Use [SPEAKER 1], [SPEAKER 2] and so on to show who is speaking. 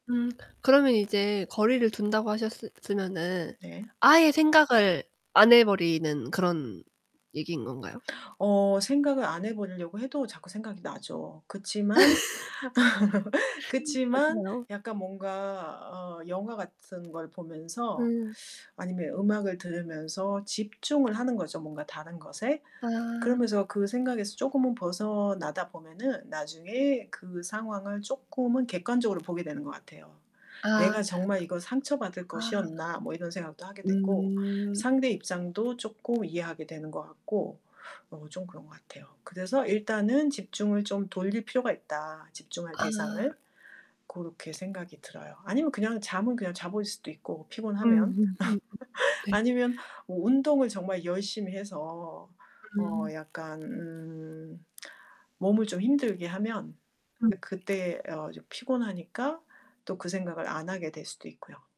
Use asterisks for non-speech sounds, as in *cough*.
[SPEAKER 1] 음 그러면 이제 거리를 둔다고 하셨으 으면은
[SPEAKER 2] 네.
[SPEAKER 1] 아예 생각을 안 해 버리는 그런 얘기인 건가요?
[SPEAKER 2] 어 생각을 안 해 버리려고 해도 자꾸 생각이 나죠. 그치만 *laughs*
[SPEAKER 1] *laughs* 그쵸.
[SPEAKER 2] 그치만
[SPEAKER 1] 맞아요.
[SPEAKER 2] 약간 뭔가 어 영화 같은 걸 보면서
[SPEAKER 1] 음.
[SPEAKER 2] 아니면 음악을 들으면서 집중을 하는 거죠, 뭔가 다른 것에.
[SPEAKER 1] 아.
[SPEAKER 2] 그러면서 그 생각에서 쪼금은 벗어나다 보면은 나중에 그 상황을 쪼끔은 객관적으로 보게 되는 것 같아요.
[SPEAKER 1] 아.
[SPEAKER 2] '내가 정말 이거 상처받을
[SPEAKER 1] 아.
[SPEAKER 2] 것이었나.' 뭐 이런 생각도 하게 되고
[SPEAKER 1] 음.
[SPEAKER 2] 상대 입장도 쪼끔 이해하게 되는 것 같고 어 좀 그런 것 같아요. 그래서 일단은 집중을 좀 돌릴 필요가 있다 집중할
[SPEAKER 1] 아.
[SPEAKER 2] 대상을. 고렇게 생각이 들어요. 아니면 그냥 잠은 그냥 자버릴 수도 있고 피곤하면.
[SPEAKER 1] 음음음
[SPEAKER 2] *laughs*
[SPEAKER 1] 네.
[SPEAKER 2] 아니면 어 운동을 정말 열심히 해서 어
[SPEAKER 1] 음.
[SPEAKER 2] 약간 음 몸을 좀 힘들게 하면
[SPEAKER 1] 음.
[SPEAKER 2] 그때 어 좀 피곤하니까 또 그 생각을 안 하게 될 수도 있고요.